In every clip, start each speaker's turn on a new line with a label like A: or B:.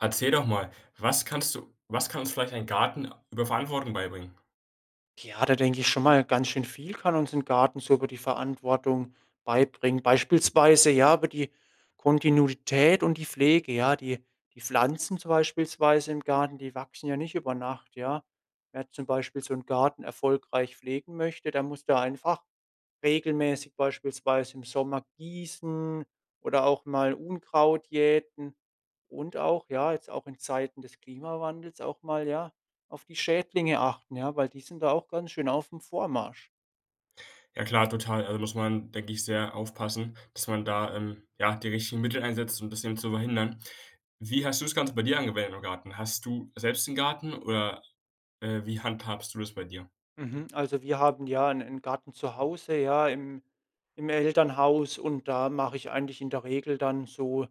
A: Erzähl doch mal, was kannst du was kann uns vielleicht ein Garten über Verantwortung beibringen?
B: Ja, da denke ich schon mal: Ganz schön viel kann uns 'n Garten so über die Verantwortung beibringen. Beispielsweise, ja, über die Kontinuität und die Pflege, ja. Die die Pflanzen zum beispielsweise im Garten, die wachsen ja nicht über Nacht, ja. Wer zum Beispiel so 'n Garten erfolgreich pflegen möchte, der muss da einfach regelmäßig, beispielsweise im Sommer, gießen oder auch mal Unkraut jäten und auch, ja, jetzt auch in Zeiten des Klimawandels auch mal, ja, auf die Schädlinge achten, ja, weil die sind da auch ganz schön aufm Vormarsch.
A: Ja klar, total. Also muss man, denke ich, sehr aufpassen, dass man da, ähm, ja, die richtigen Mittel einsetzt, um's bisschen zu verhindern. Wie hast du das Ganze bei dir angewendet im Garten? Hast du selbst 'n Garten oder, äh, wie handhabst du das bei dir?
B: Mhm. Also wir haben, ja, 'n 'n Garten zu Hause, ja, im im Elternhaus und da mache ich eigentlich in der Regel dann so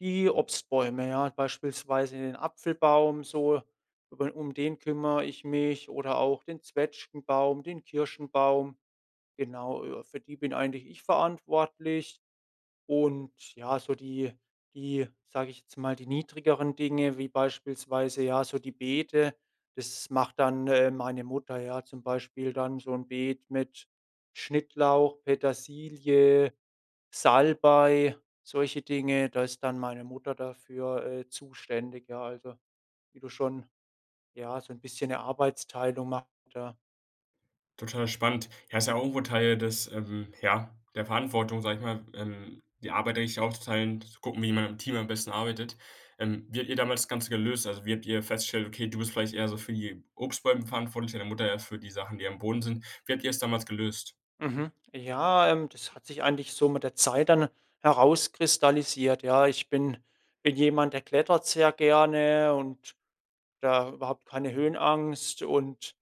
B: die Obstbäume, ja. Beispielsweise den Apfelbaum so, über um den kümmere ich mich oder auch den Zwetschgenbaum, den Kirschenbaum. Genau, äh, für die bin eigentlich ich verantwortlich. Und ja, so die die, sage ich jetzt mal die niedrigeren Dinge wie beispielsweise, ja, so die Beete, das macht dann, äh, meine Mutter, ja. Zum Beispiel dann so 'n Beet mit Schnittlauch, Petersilie, Salbei, solche Dinge, da ist dann meine Mutter dafür, äh, zuständig, ja. Also wie du schon ja, so 'n bisschen 'ne Arbeitsteilung machen wir da.
A: Total spannend. Ja, ist ja auch irgendwo Teil des, ähm, ja der Verantwortung, sage ich mal, ähm, die Arbeit, da sich aufzuteilen, zu gucken, wie man im Team am besten arbeitet. Ähm, wie habt ihr damals das Ganze gelöst? Also, wie habt ihr feststellt: Okay, du bist vielleicht eher so für die Obstbäume verantwortlich, deine Mutter eher für die Sachen, die am Boden sind. Wie habt ihr es damals gelöst?
B: Mhm. Ja, ähm, das hat sich eigentlich so mit der Zeit dann herauskristallisiert, ja. Ich bin bin jemand, der klettert sehr gerne und da überhaupt keine Höhenangst und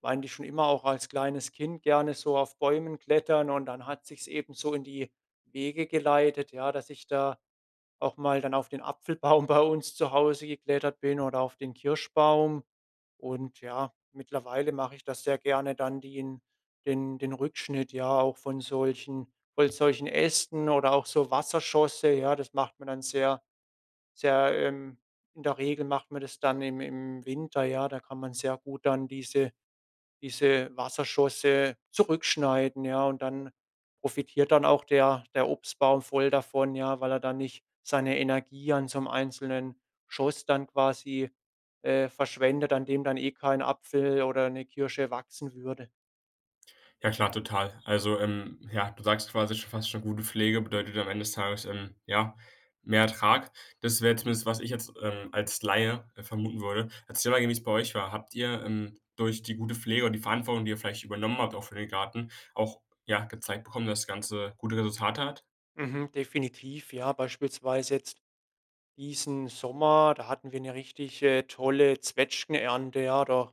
B: war eigentlich schon immer auch als kleines Kind gerne so auf Bäumen klettern. Und dann hat sich's eben so in die Wege geleitet, ja, dass ich da auch mal dann auf den Apfelbaum bei uns zu Hause geklettert bin oder auf den Kirschbaum. Und ja, mittlerweile mache ich das sehr gerne dann die in den den Rückschnitt ja auch von solchen von solchen Ästen oder auch so Wasserschosse, ja. Das macht man dann sehr sehr, ähm in der Regel macht man das dann im im Winter, ja. Da kann man sehr gut dann diese diese Wasserschosse zurückschneiden, ja. Und dann profitiert dann auch der der Obstbaum voll davon, ja, weil er dann nicht seine Energie an so 'nem einzelnen Schoss dann quasi, äh, verschwendet, an dem dann eh kein Apfel oder 'ne Kirsche wachsen würde.
A: Ja, klar, total. Also, ähm, ja, du sagst quasi, schon fast schon gute Pflege bedeutet am Ende des Tages, ähm, ja, mehr Ertrag. Das wäre zumindest, was ich jetzt, ähm, als Laie, äh, vermuten würde. Erzähle mal gern, wie's bei euch war. Habt ihr, ähm, durch die gute Pflege und die Verantwortung, die ihr vielleicht übernommen habt auch für den Garten, auch, ja, gezeigt bekommen, dass das ganze gute Resultate hat?
B: Mhm. Definitiv. Ja, beispielsweise jetzt diesen Sommer, da hatten wir 'ne richtig, äh, tolle Zwetschgenernte, ja, da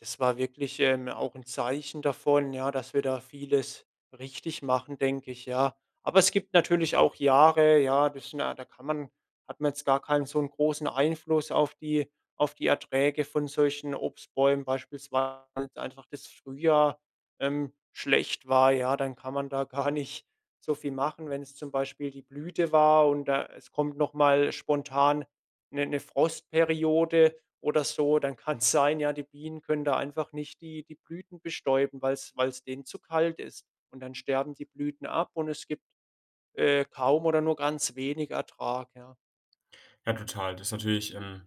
B: das war wirklich, ähm, auch 'n Zeichen davon, ja, dass wir da vieles richtig machen, denke ich, ja. Aber es gibt natürlich auch Jahre, ja, das sind ja da kann man hat man jetzt gar keinen so 'n großen Einfluss auf die auf die Erträge von solchen Obstbäumen beispielsweise, weil einfach das Frühjahr, ähm, schlecht war, ja. Dann kann man da gar nicht so viel machen, wenn es zum Beispiel die Blüte war und da es kommt noch mal spontan 'ne 'ne Frostperiode oder so, dann kann's sein, ja, die Bienen können da einfach nicht die die Blüten bestäuben, weil's weil's denen zu kalt ist. Und dann sterben die Blüten ab und es gibt, äh, kaum oder nur ganz wenig Ertrag, ja.
A: Ja, total. Das ist natürlich, ähm,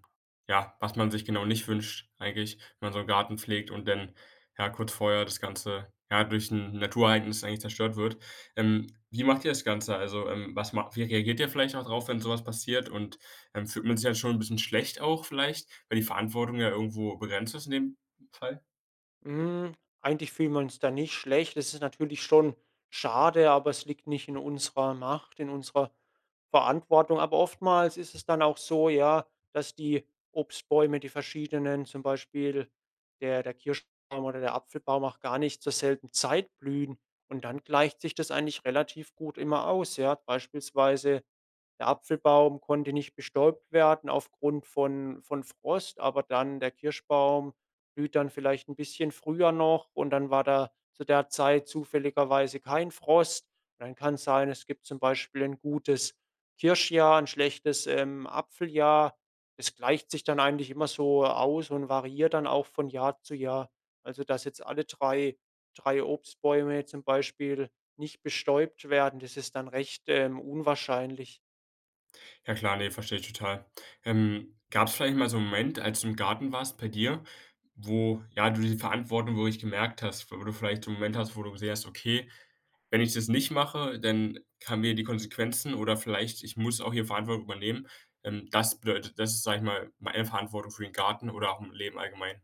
A: ja, was man sich genau nicht wünscht eigentlich, wenn man so 'n Garten pflegt und dann, ja, kurz vorher das Ganze, ja, durch 'n Naturereignis eigentlich zerstört wird. Ähm, wie macht ihr das Ganze? Also, ähm, was macht wie reagiert ihr vielleicht dadrauf, wenn so was passiert? Und, ähm, fühlt man sich halt schon 'n bisschen schlecht auch vielleicht, wenn die Verantwortung ja irgendwo begrenzt ist in dem Fall?
B: Hm, eigentlich fühlen wir uns da nicht schlecht. Es ist natürlich schon schade, aber es liegt nicht in unserer Macht, in unserer Verantwortung. Aber oftmals ist es dann auch so, ja, dass die Obstbäume die verschiedenen, zum Beispiel der der Kirschbaum oder der Apfelbaum auch gar nicht zur selben Zeit blühen. Und dann gleicht sich das eigentlich relativ gut immer aus, ja. Beispielsweise, der Apfelbaum konnte nicht bestäubt werden aufgrund von von Frost, aber dann der Kirschbaum blüht dann vielleicht 'n bisschen früher noch und dann war da zu der Zeit zufälligerweise kein Frost. Dann kann's sein es gibt zum Beispiel 'n gutes Kirschjahr, 'n schlechtes, ähm, Apfeljahr. Das gleicht sich dann eigentlich immer so aus und variiert dann auch von Jahr zu Jahr. Also dass jetzt alle 3- 3 Obstbäume zum Beispiel nicht bestäubt werden, das ist dann recht, ähm, unwahrscheinlich.
A: Ja klar, ne, verstehe ich total. Ähm, gab's vielleicht mal so 'n Moment, als du im Garten warst bei dir, wo, ja, du die Verantwortung wirklich gemerkt hast, wo du vielleicht so 'n Moment hast, wo du gesehen hast: ”Okay, wenn ich das nicht mache, dann haben wir die Konsequenzen.“ Oder vielleicht: „Ich muss auch hier Verantwortung übernehmen.“ Ähm, das bedeutet, dass du, sage ich mal, eine Verantwortung für den Garten oder auch im Leben allgemein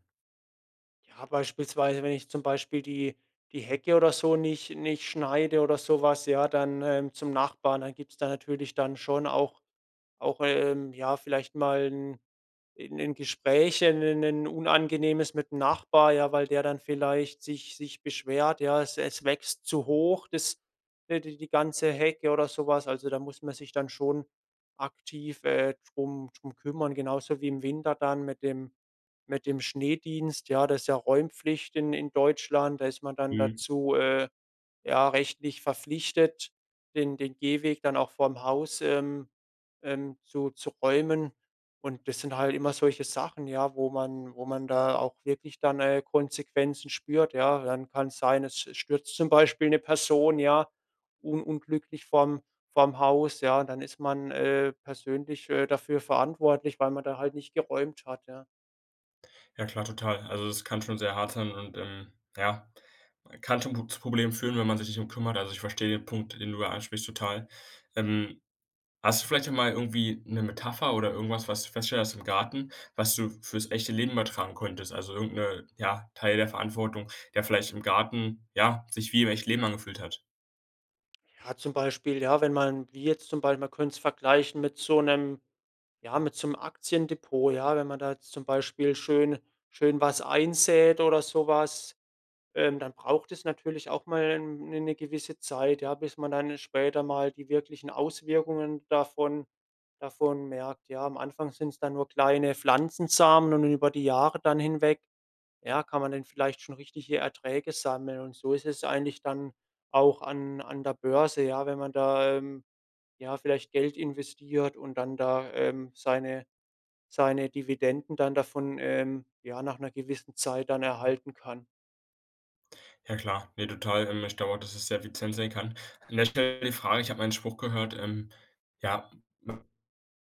B: Ja, beispielsweise wenn ich zum Beispiel die die Hecke oder so nicht nicht schneide oder so was, ja, dann, ähm, zum Nachbarn, dann gibt's da natürlich dann schon auch auch, ähm, ja, vielleicht mal 'n 'n 'n Gesprächen 'n 'n 'nen unangenehmes mit 'm Nachbar, ja, weil der dann vielleicht sich sich beschwert, ja. Es es wächst zu hoch, das, äh, d die ganze Hecke oder so was. Also, da muss man sich dann schon aktiv, äh, drum drum kümmern, genauso wie im Winter dann mit dem mit dem Schneedienst, ja. Das ist ja Räumpflicht in in Deutschland. Da ist man dann
A: Mhm.
B: dazu, äh, ja, rechtlich verpflichtet, den den Gehweg dann auch vorm Haus, ähm, ähm, zu zu räumen. Und das sind halt immer solche Sachen, ja, wo man wo man da auch wirklich dann, äh, Konsequenzen spürt, ja. Dann kann's sein, es stürzt zum Beispiel 'ne Person, ja, un unglücklich vorm vorm Haus, ja. Und dann ist man, äh, persönlich, äh, dafür verantwortlich, weil man da halt nicht geräumt hat, ja.
A: Ja, klar, total. Also, das kann schon sehr hart sein und, ähm, ja, kann schon Pr zu Problemen führen, wenn man sich nicht drum kümmert. Also, ich verstehe den Punkt, den du da ansprichst, total. Ähm, hast du vielleicht auch mal irgendwie 'ne Metapher oder irgendwas, was du festgestellt hast im Garten, was du fürs echte Leben übertragen konntest? Also irgend 'ne ja, Teil der Verantwortung, der vielleicht im Garten, ja, sich wie im echten Leben angefühlt hat?
B: Ja, zum Beispiel, ja, wenn man wie jetzt zum Bei man könnt's vergleichen mit so 'nem ja, mit so 'nem Aktiendepot, ja. Wenn man da jetzt zum Beispiel schön schön was einsät oder so was, ähm, dann braucht es natürlich auch mal, ähm, 'ne 'ne gewisse Zeit, ja, bis man dann später mal die wirklichen Auswirkungen davon davon merkt, ja. Am Anfang sind's dann nur kleine Pflanzensamen und über die Jahre dann hinweg, ja, kann man denn vielleicht schon richtige Erträge sammeln. Und so ist es eigentlich dann auch an an der Börse, ja, wenn man da, ähm, ja, vielleicht Geld investiert und dann da, ähm, seine seine Dividenden dann davon, ähm, ja, nach 'ner gewissen Zeit dann erhalten kann.
A: Ja, klar. Ne, total. Ähm, ich glaube auch, dass es sehr effizient sein kann. An der Stelle die Frage, ich habe mal 'nen Spruch gehört: Ähm, ja, man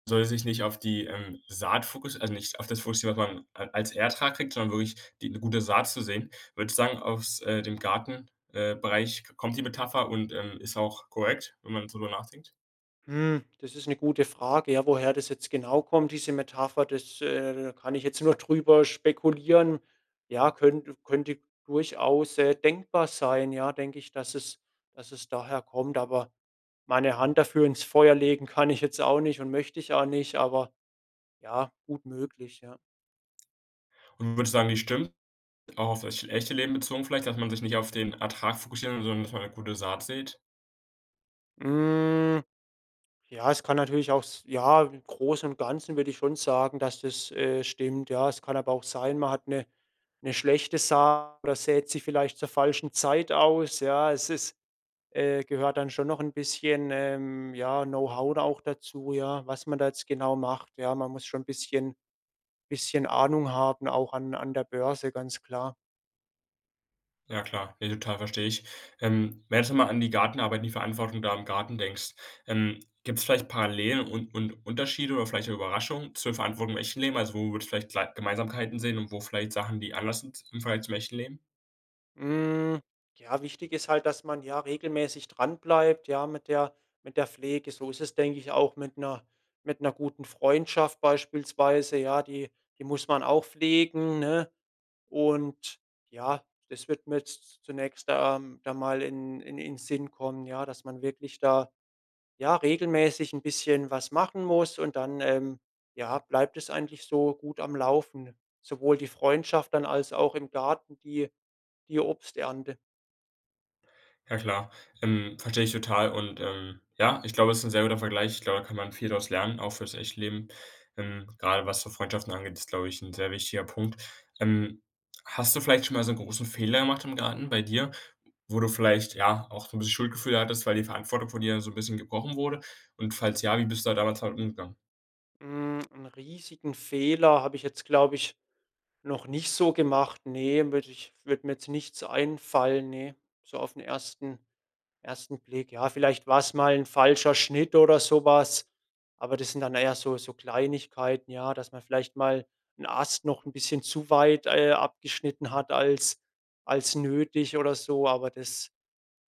A: soll es sich nicht auf die, ähm, Saat fokus also nicht auf das fokussieren, was man a als Ertrag kriegt, sondern wirklich die 'ne gute Saat zu säen. Würdest du sagen, aus, äh, dem Garten, äh, Bereich k kommt die Metapher und, ähm, ist auch korrekt, wenn man so drüber nachdenkt?
B: Hm, das ist 'ne gute Frage, ja. Woher das jetzt genau kommt, diese Metapher, das, äh da kann ich jetzt nur drüber spekulieren. Ja, könnte könnte durchaus, äh, denkbar sein, ja, denke ich, dass es dass es daher kommt. Aber meine Hand dafür ins Feuer legen kann ich jetzt auch nicht und möchte ich auch nicht, aber, ja, gut möglich, ja.
A: Und du würdest sagen, die stimmt. Auch auf das echte Leben bezogen vielleicht, dass man sich nicht auf den Ertrag fokussieren soll, sondern dass man 'ne gute Saat sät.
B: Hm. Ja, es kann natürlich auch s ja, im Großen und Ganzen würde ich schon sagen, dass das, äh, stimmt, ja. Es kann aber auch sein, man hat 'ne 'ne schlechte Saat oder sät sie vielleicht zur falschen Zeit aus, ja. Es es, äh, gehört dann schon noch 'n bisschen, ähm, ja, Know-How da auch dazu, ja, was man da jetzt genau macht, ja. Man muss schon 'n bisschen bisschen Ahnung haben auch an an der Börse, ganz klar.
A: Ja klar, ne, total, verstehe ich. Ähm, wenn du jetzt mal an die Gartenarbeit, die Verantwortung da im Garten denkst, ähm, gibt's vielleicht Parallelen und und Unterschiede oder vielleicht Überraschungen zur Verantwortung im echten Leben? Also, wo würdest du vielleicht klei Gemeinsamkeiten sehen und wo vielleicht Sachen, die anders sind im Vergleich zum echten Leben?
B: Hm, ja, wichtig ist halt, dass man, ja, regelmäßig dran bleibt, ja, mit der mit der Pflege. So ist es, denke ich, auch mit 'ner mit 'ner guten Freundschaft beispielsweise, ja. Die die muss man auch pflegen, ne? Und, ja, das wird mir zu zunächst, ähm, da mal in in in Sinn kommen, ja, dass man wirklich da, ja, regelmäßig 'n bisschen was machen muss und dann, ähm, ja, bleibt es eigentlich so gut am Laufen. Sowohl die Freundschaft dann als auch im Garten die die Obsternte.
A: Ja, klar. Ähm, verstehe ich total und, ähm, ja, ich glaube, es ist 'n sehr guter Vergleich. Ich glaube, da kann man viel draus lernen, auch fürs echte Leben. Ähm, gerade, was so Freundschaften angeht, ist, glaube ich, 'n sehr wichtiger Punkt. Ähm, hast du vielleicht schon mal so 'n großen Fehler gemacht im Garten bei dir, wo du vielleicht, ja, auch so 'n bisschen Schuldgefühl hattest, weil die Verantwortung von dir so 'n bisschen gebrochen wurde? Und falls ja, wie bist du da damals damit umgegangen?
B: Hm, 'n riesigen Fehler habe ich jetzt, glaube ich, noch nicht so gemacht. Ne, würde ich würde mir jetzt nichts einfallen, ne, so aufn 1- 1. Blick. Ja, vielleicht war's mal 'n falscher Schnitt oder so was. Aber das sind dann eher so so Kleinigkeiten, ja, dass man vielleicht mal 'n Ast noch 'n bisschen zu weit, äh, abgeschnitten hat als als nötig oder so. Aber das,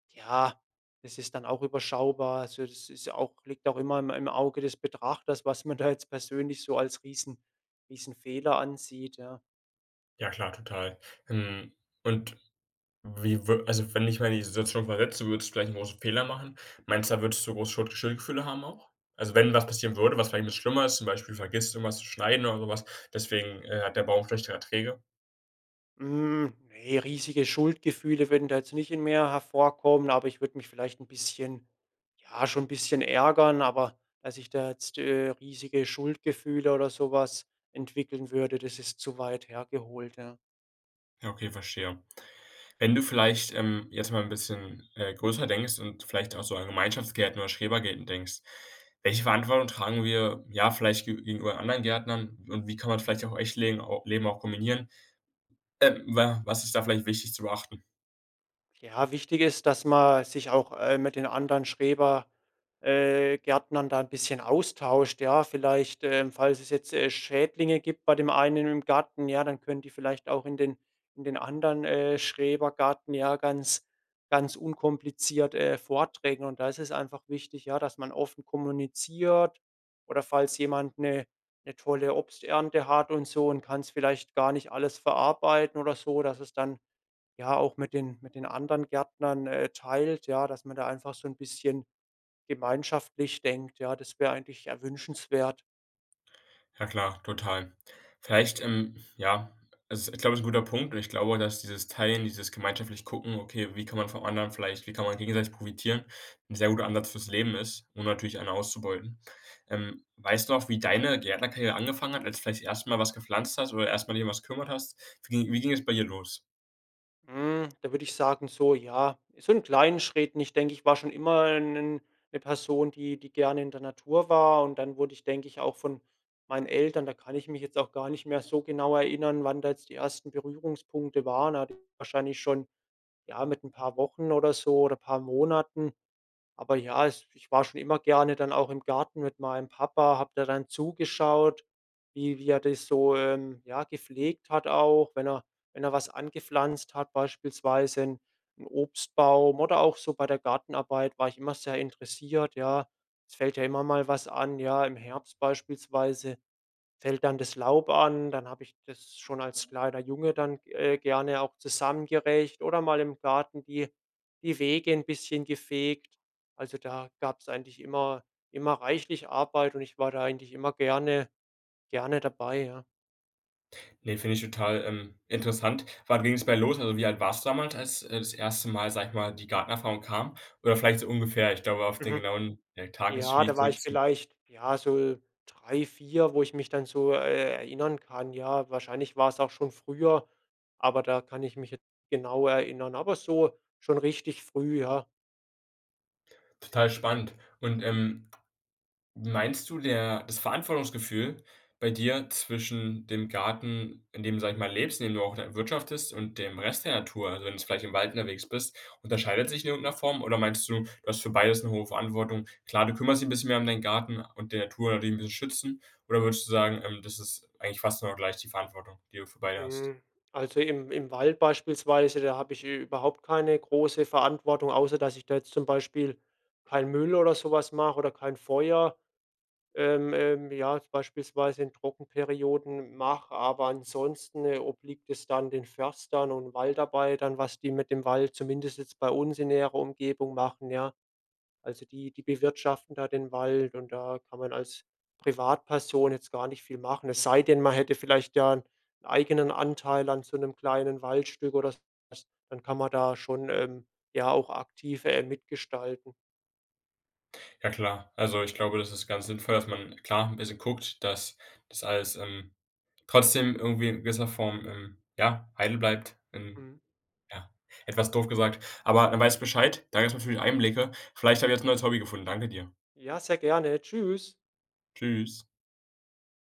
B: ja, das ist dann auch überschaubar. Also, das ist auch liegt auch immer im im Auge des Betrachters, was man da jetzt persönlich so als Riesen Riesenfehler ansieht, ja.
A: Ja, klar, total. Ähm, und wie wür also wenn du dich mal in die Situation versetzen würdest, vielleicht 'n großen Fehler machen, meinst du, da würdest du groß Schuld Schuldgefühle haben auch? Also wenn was passieren würde, was vielleicht was 'n bisschen schlimmer ist, zum Beispiel vergisst du irgendwas zu schneiden oder so was, deswegen, äh, hat der Baum schlechtere Erträge.
B: Hm, ne, riesige Schuldgefühle würden da jetzt nicht in mir hervorkommen. Aber ich würde mich vielleicht 'n bisschen, ja schon 'n bisschen ärgern. Aber, dass ich da jetzt, äh, riesige Schuldgefühle oder so was entwickeln würde, das ist zu weit hergeholt, ja.
A: Ja, okay, verstehe. Wenn du vielleicht, ähm, jetzt mal 'n bisschen, äh, größer denkst und vielleicht auch so an Gemeinschaftsgärten oder Schrebergärten denkst, welche Verantwortung tragen wir, ja, vielleicht ge gegenüber anderen Gärtnern und wie kann man vielleicht auch im echten legen o Leben auch kombinieren? Ähm, wa was ist da vielleicht wichtig zu beachten?
B: Ja, wichtig ist, dass man sich auch, äh, mit den anderen Schreber äh, Gärtnern da 'n bisschen austauscht, ja. Vielleicht, äh falls es jetzt, äh, Schädlinge gibt bei dem einen im Garten, ja, dann können die vielleicht auch in den in den anderen, äh, Schrebergarten ja ganz ganz unkompliziert, äh,. [unintelligible] Und da ist es einfach wichtig, ja, dass man offen kommuniziert oder falls jemand 'ne 'ne tolle Obsternte hat und so und kann's vielleicht gar nicht alles verarbeiten oder so, dass es dann ja, auch mit den mit den anderen Gärtnern, äh, teilt, ja, dass man da einfach so 'n bisschen gemeinschaftlich denkt, ja. Das wäre eigentlich, ja, wünschenswert.
A: Ja klar, total. Vielleicht, ähm, ja also ist, glaube ich, 'n guter Punkt und ich glaube, dass dieses Teilen, dieses gemeinschaftlich Gucken, okay, wie kann man vom anderen vielleicht wie kann man gegenseitig profitieren, 'n sehr guter Ansatz fürs Leben ist, ohne natürlich einen auszubeuten. Ähm, weißt du noch, wie deine Gärtnerkarriere angefangen hat, als vielleicht das 1. Mal was gepflanzt hast oder 1. Mal dich um was gekümmert hast? Wie ging wie ging es bei dir los?
B: Mhm, da würde ich sagen so: „Ja, so in kleinen Schritten.“ Ich denke, ich war schon immer 'n 'n 'ne Person, die die gerne in der Natur war. Und dann wurde ich, denke ich, auch von meinen Eltern da kann ich mich jetzt auch gar nicht mehr so genau erinnern, wann da jetzt die 1. Berührungspunkte waren. Aber wahrscheinlich schon, ja, mit 'n paar Wochen oder so oder paar Monaten. Aber ja, es ich war schon immer gerne dann auch im Garten mit meinem Papa, habe da dann zugeschaut, wie wie er das so, ähm, ja, gepflegt hat auch, wenn er wenn er was angepflanzt hat, beispielsweise 'n 'n Obstbaum oder auch so bei der Gartenarbeit, war ich immer sehr interessiert, ja. Es fällt ja immer mal was an, ja. Im Herbst beispielsweise fällt dann das Laub an, dann habe ich das schon als kleiner Junge dann, äh, gerne auch zusammen gerecht oder mal im Garten die die Wege 'n bisschen gefegt. Also, da gab's eigentlich immer immer reichlich Arbeit und ich war da eigentlich immer gerne gerne dabei, ja.
A: Ne, finde ich total, ähm, interessant. Wann ging's bei los? Also, wie alt warst damals, als, äh, das 1. Mal, sage ich mal, die Gartenerfahrung kam? Oder vielleicht so ungefähr. Ich glaube, auf den
B: Mhm.
A: genauen Tag ist
B: Ja, da
A: schwierig
B: war ich
A: zurückzu
B: vielleicht, ja, so 3, 4, wo ich mich dann so, äh, erinnern kann. Ja, wahrscheinlich war's auch schon früher, aber da kann ich mich jetzt genau erinnern. Aber so schon richtig früh, ja.
A: Total spannend. Und, ähm, meinst du, der das Verantwortungsgefühl bei dir, zwischen dem Garten, in dem du, sage ich mal, lebst, in dem du auch dann wirtschaftest und dem Rest der Natur? Also, wenn du vielleicht im Wald unterwegs bist, unterscheidet sich in irgend 'ner Form oder meinst du, du hast für beides 'ne hohe Verantwortung? Klar, du kümmerst dich 'n bisschen mehr um deinen Garten und der Natur, indem du sie schützen oder würdest du sagen, ähm, das ist eigentlich fast genau gleich die Verantwortung, die du für beide hast?
B: Hm, also im im Wald beispielsweise, da habe ich überhaupt keine große Verantwortung, außer dass ich da jetzt zum Beispiel kein Müll oder so was mache oder kein Feuer, ähm, ähm, ja, jetzt beispielsweise in Trockenperioden mache, aber ansonsten, äh, obliegt es dann den Förstern und Waldarbeitern, was die mit dem Wald, zumindest jetzt bei uns in näherer Umgebung, machen, ja. Also die die bewirtschaften da den Wald und da kann man als Privatperson jetzt gar nicht viel machen. Es sei denn, man hätte vielleicht, ja 'n eigenen Anteil an so 'nem kleinen Waldstück oder so was, dann kann man da schon, ähm, ja auch aktiv, äh, mit gestalten.
A: Ja klar. Also ich glaube, das ist ganz sinnvoll, dass man, klar, 'n bisschen guckt, dass das alles, ähm, trotzdem irgendwie in gewisser Form, ähm, ja, heil bleibt, wenn
B: Mhm.
A: ja, etwas doof gesagt. Aber dann weiß ich Bescheid, da gibt's natürlich Einblicke. Vielleicht habe ich jetzt 'n neues Hobby gefunden. Danke dir.
B: Ja, sehr gerne. Tschüss.
A: Tschüss.